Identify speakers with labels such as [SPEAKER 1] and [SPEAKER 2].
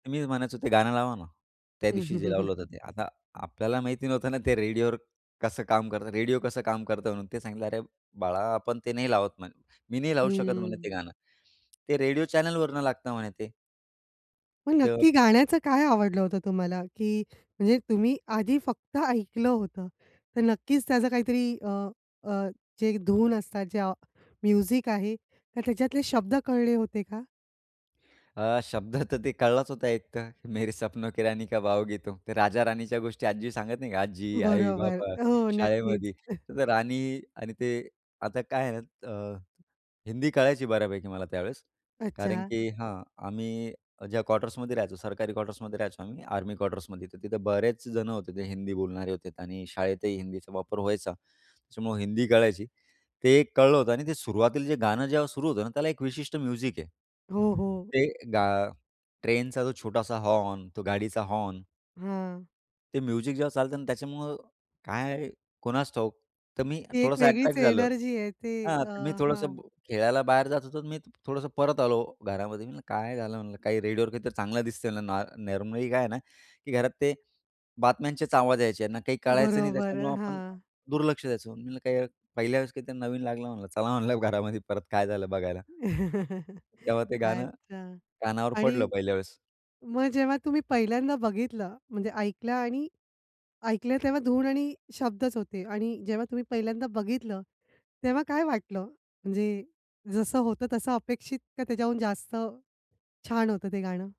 [SPEAKER 1] तर मीच म्हणायचो ते गाणं लावा ना, त्या
[SPEAKER 2] हं,
[SPEAKER 1] दिवशी
[SPEAKER 2] हं,
[SPEAKER 1] जे
[SPEAKER 2] हं,
[SPEAKER 1] लावलं होतं
[SPEAKER 2] हं.
[SPEAKER 1] ते. आता आपल्याला माहिती नव्हतं ना ते रेडिओवर कसं काम करतं, रेडिओ कसं काम करतं म्हणून ते. सांगितलं "अरे बाळा आपण ते नाही लावत" म्ह "मी नाही लावू शकत म्हणे ते
[SPEAKER 2] हम्म.
[SPEAKER 1] गाणं. ते रेडिओ चॅनलवरून लागतं" म्हणे ते.
[SPEAKER 2] मग
[SPEAKER 1] तर
[SPEAKER 2] नक्की गाण्याचं काय आवडलं होतं तुम्हाला, की म्हणजे तुम्ही आधी फक्त ऐकलं होतं, तर नक्कीच त्याचं काहीतरी अ, अ, जे धून असतात, ज्या म्युझिक आहे तर त्याच्यातले शब्द कळले होते का?
[SPEAKER 1] अ, शब्द तर ते कळलाच होता एक, तर मेरे सपनो की रानी कब आओगी तूम. ते राजा राणीच्या गोष्टी आजी सांगत नाही का, आजी, आई,
[SPEAKER 2] बरोबर,
[SPEAKER 1] बाबा,
[SPEAKER 2] हो, नक्कीच.
[SPEAKER 1] शाळेमध्ये तर राणी आणि ते आता काय आहे ना अ, हिंदी कळायची बऱ्यापैकी मला त्यावेळेस कारण
[SPEAKER 2] अच्छा.
[SPEAKER 1] की हां, आम्ही ज्या क्वार्टर्समध्ये राहायचो, सरकारी क्वार्टर्समध्ये राहायचो आम्ही, आर्मी क्वार्टर्समध्ये. तर तिथं बरेच जणं होते ते हिंदी बोलणारे होते आणि शाळेतही हिंदीचा वापर व्हायचा. त्याच्यामुळं हिंदी कळायची. ते एक कळलं होतं आणि ते सुरुवातील जे गाणं जेव्हा सुरू होतं ना त्याला एक विशिष्ट म्युझिक आहे.
[SPEAKER 2] हो, हो.
[SPEAKER 1] ते गा ट्रेनचा जो छोटासा हॉर्न, तो गाडीचा हॉर्न.
[SPEAKER 2] हां.
[SPEAKER 1] ते म्युझिक जेव्हा चालतं ना त्याच्यामुळं काय, कुणास ठाऊक तर मी
[SPEAKER 2] ती एक
[SPEAKER 1] थोडंसं
[SPEAKER 2] वेगळीच
[SPEAKER 1] अट्रॅक्ट झालो
[SPEAKER 2] एनर्जी आहे ते
[SPEAKER 1] हां,
[SPEAKER 2] अ,
[SPEAKER 1] तर मी
[SPEAKER 2] हां.
[SPEAKER 1] थोडंसं खेळायला बाहेर जात होतो, तर मी थोडंसं परत आलो घरामध्ये. मी म्हणलं काय झालं म्हणलं काही रेडिओवर काहीतरी चांगलं दिसतं म्हणलं ना नॉर्मली काय आहे ना, की घरात ते बातम्यांचेच आवाज यायचे ना, काही कळायचं नाही
[SPEAKER 2] बरोबर,
[SPEAKER 1] त्याच्यामुळं आपण
[SPEAKER 2] हां.
[SPEAKER 1] दुर्लक्ष द्यायचं. म्हटलं काही पहिल्या वेळेस काहीतरी नवीन लागलं, म्हणलं चला म्हणलं घरामध्ये परत काय झालं बघायला. तेव्हा ते गाणं
[SPEAKER 2] अच्छा.
[SPEAKER 1] कानावर
[SPEAKER 2] आणि
[SPEAKER 1] पडलं पहिल्या वेळेस.
[SPEAKER 2] मग जेव्हा तुम्ही पहिल्यांदा बघितलं म्हणजे ऐकलं आणि ऐकलं तेव्हा धून आणि शब्दच होते आणि जेव्हा तुम्ही पहिल्यांदा बघितलं तेव्हा काय वाटलं, म्हणजे जसं होतं तसं अपेक्षित का त्याच्याहून जास्त छान होतं ते गाणं?